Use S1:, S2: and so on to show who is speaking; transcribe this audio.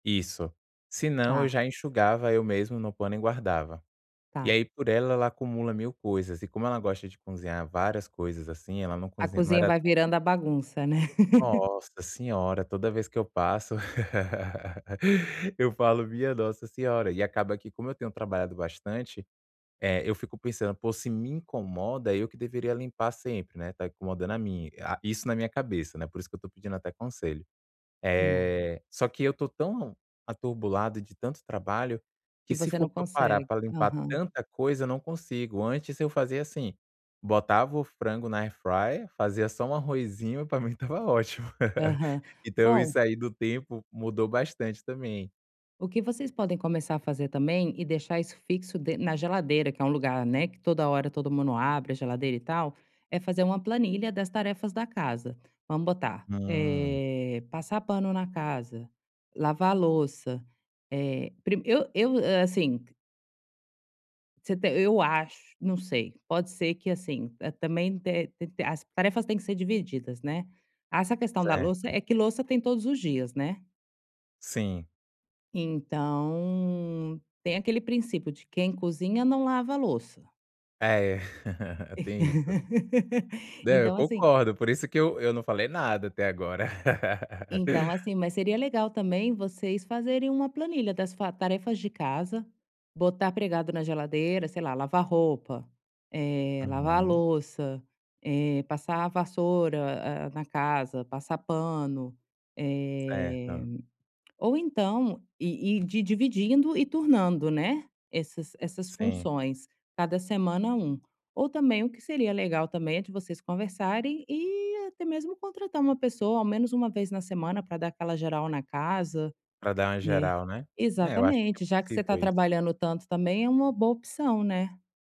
S1: Isso. Se não eu
S2: Tá.
S1: já enxugava, eu mesmo no pano e guardava. E
S2: Tá.
S1: aí por ela, ela acumula mil coisas. E como ela gosta de cozinhar várias coisas, assim, ela não
S2: A
S1: cozinha não
S2: cozinha
S1: era
S2: vai
S1: p
S2: virando a bagunça, né.
S1: Nossa Senhora. Toda vez que eu passo, eu falo: "Minha Nossa Senhora", e acaba que, como eu tenho trabalhado bastante, eh, eu fico pensando: "Pô, se me incomoda, eu que deveria limpar sempre, né, tá incomodando a mim", ah, isso na minha cabeça, né, por isso que eu tô pedindo até conselho.
S2: Imagino.
S1: Eh, só que eu tô tão atrobulado de tanto trabalho que
S2: Que
S1: se
S2: você
S1: for
S2: não
S1: pra eu parar
S2: consegue.
S1: pra limpar
S2: Aham.
S1: tanta coisa, eu não consigo. Antes eu fazia, assim. Botava o frango na air fryer, fazia só um arrozinho e pra mim estava ótimo.
S2: Aham.
S1: Então
S2: Bom
S1: isso aí do tempo mudou bastante também.
S2: o que vocês podem começar a fazer também e deixar isso fixo de na geladeira, que é um lugar, né, que toda hora todo mundo abre a geladeira e tal, é fazer uma planilha das tarefas da casa. Vamos botar,
S1: Hum.
S2: eh, passar pano na casa, lavar louça, eh, prime eu eu, eh, assim. Você tem eu acho, não sei. Pode ser que, assim, hã, também te tem que ter as tarefas têm que ser divididas, né. Ah, essa questão da louça
S1: Certo.
S2: é que louça tem todos os dias, né.
S1: Sim.
S2: Então tem aquele princípio de quem cozinha não lava a louça.
S1: Ah, é. Tem isso. Não, eu
S2: Então, assim.
S1: concordo. Por isso que eu eu não falei nada até agora.
S2: Então, assim, mas seria legal também vocês fazerem uma planilha das fa tarefas de casa, botar pregado na geladeira, sei lá, lavar roupa, eh, lavar a
S1: Uhum.
S2: louça, eh, passar a vassoura, hã, na casa, passar pano, eh,
S1: Certo.
S2: ou então ir ir de dividindo e turnando, né, essas essas
S1: Sim.
S2: funções. Cada semana um. Ou também o que seria legal também é que vocês conversarem e até mesmo contratar uma pessoa, ao menos 1 vez na semana pra dar aquela geral na casa,
S1: Para dar uma
S2: né.
S1: geral, né. É, eu acho que é
S2: Exatamente, já que você tá
S1: possível isso.
S2: trabalhando tanto também é uma boa opção, né.